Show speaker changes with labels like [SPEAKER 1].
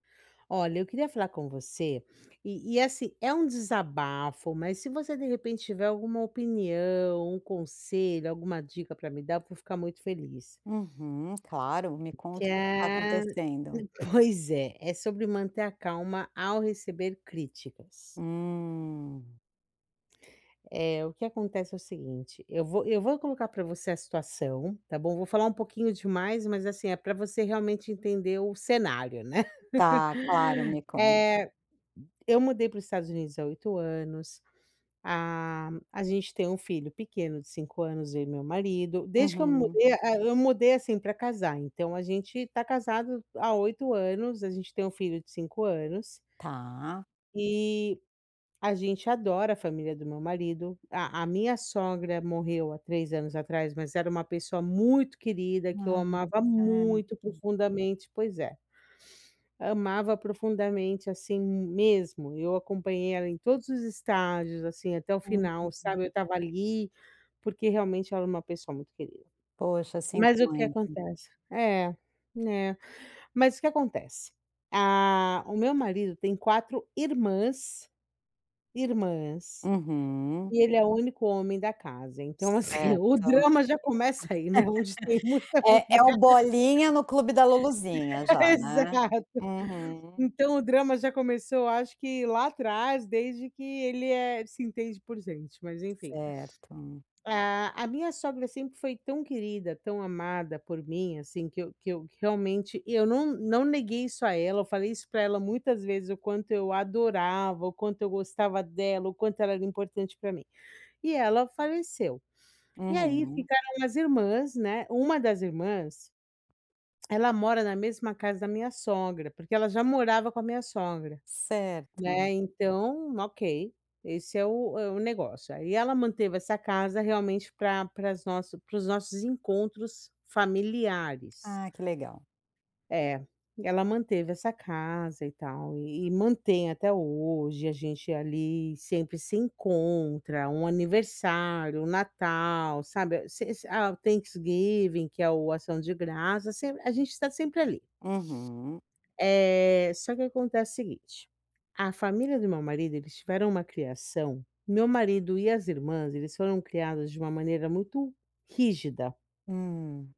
[SPEAKER 1] Olha, eu queria falar com você e e, assim, é um desabafo, mas se você, de repente tiver alguma opinião, um conselho, alguma dica pra me dar, eu vou ficar muito feliz.
[SPEAKER 2] Uhum. Claro, me
[SPEAKER 1] Que
[SPEAKER 2] conta o que que tá
[SPEAKER 1] é
[SPEAKER 2] acontecendo.
[SPEAKER 1] pois é, é sobre manter a calma ao receber críticas.
[SPEAKER 2] Hum.
[SPEAKER 1] Eh, o que acontece é o seguinte, eu vou eu vou colocar pra você a situação, tá bom? Vou falar um pouquinho demais, mas, assim, é pra você realmente entender o cenário, né.
[SPEAKER 2] Tá, claro, me conta.
[SPEAKER 1] Eh, eu mudei para os Estados Unidos há 8 anos, a a gente tem um filho pequeno de 5 anos, eu e meu marido. Desde que eu
[SPEAKER 2] Uhum.
[SPEAKER 1] mudei, ah, eu mudei, assim, pra casar, então a gente tá casado há 8 anos, a gente tem um filho de 5 anos
[SPEAKER 2] Tá.
[SPEAKER 1] e a gente adora a família do meu marido, a a minha sogra morreu há 3 anos atrás, mas era uma pessoa muito querida, que eu
[SPEAKER 2] Ah,
[SPEAKER 1] amava muito
[SPEAKER 2] certo.
[SPEAKER 1] profundamente, pois é. Amava profundamente, assim, mesmo. Eu acompanhei ela em todos os estágios, assim, até o final,
[SPEAKER 2] Uhum.
[SPEAKER 1] sabe. Eu estava ali, porque realmente ela é uma pessoa muito querida.
[SPEAKER 2] Poxa, sinto
[SPEAKER 1] Mas o que
[SPEAKER 2] muito.
[SPEAKER 1] acontece É, é. Mas o que acontece, ah, o meu marido tem 4 irmãs, irmãs,
[SPEAKER 2] Uhum.
[SPEAKER 1] e ele é o único homem da casa, então, assim, o
[SPEAKER 2] Certo,
[SPEAKER 1] drama já começa aí, né, onde tem muita
[SPEAKER 2] eh, é o
[SPEAKER 1] mulher.
[SPEAKER 2] Bolinha no clube da Luluzinha já, né?
[SPEAKER 1] Exato.
[SPEAKER 2] Uhum.
[SPEAKER 1] Então o drama já começou acho que lá atrás desde que ele é se entende por gente, mas enfim.
[SPEAKER 2] Certo.
[SPEAKER 1] A a minha sogra sempre foi tão querida, tão amada por mim, assim, que eu que eu realmente, e eu não não neguei isso a ela, eu falei isso pra ela muitas vezes, o quanto eu adorava, o quanto eu gostava dela, o quanto ela era importante pra mim. E ela faleceu. E aí
[SPEAKER 2] Uhum.
[SPEAKER 1] ficaram as irmãs, né, uma das irmãs ela mora na mesma casa da minha sogra, porque ela já morava com a minha sogra, né,
[SPEAKER 2] Certo.
[SPEAKER 1] então ok, esse é o é o negócio, aí ela manteve essa casa realmente pra para os nossos encontros familiares.
[SPEAKER 2] Ah que legal.
[SPEAKER 1] É, ela manteve essa casa e tal e e mantém até hoje, a gente ali sempre se encontra, um aniversário, um Natal, sabe, se a o Thanksgiving, que é o Ação de Graças, se a gente tá sempre ali.
[SPEAKER 2] Uhum.
[SPEAKER 1] Eh, só que acontece o seguinte, a família do meu marido, eles tiveram uma criação meu marido e as irmãs, eles foram criadas de uma maneira muito rígida.
[SPEAKER 2] Hum.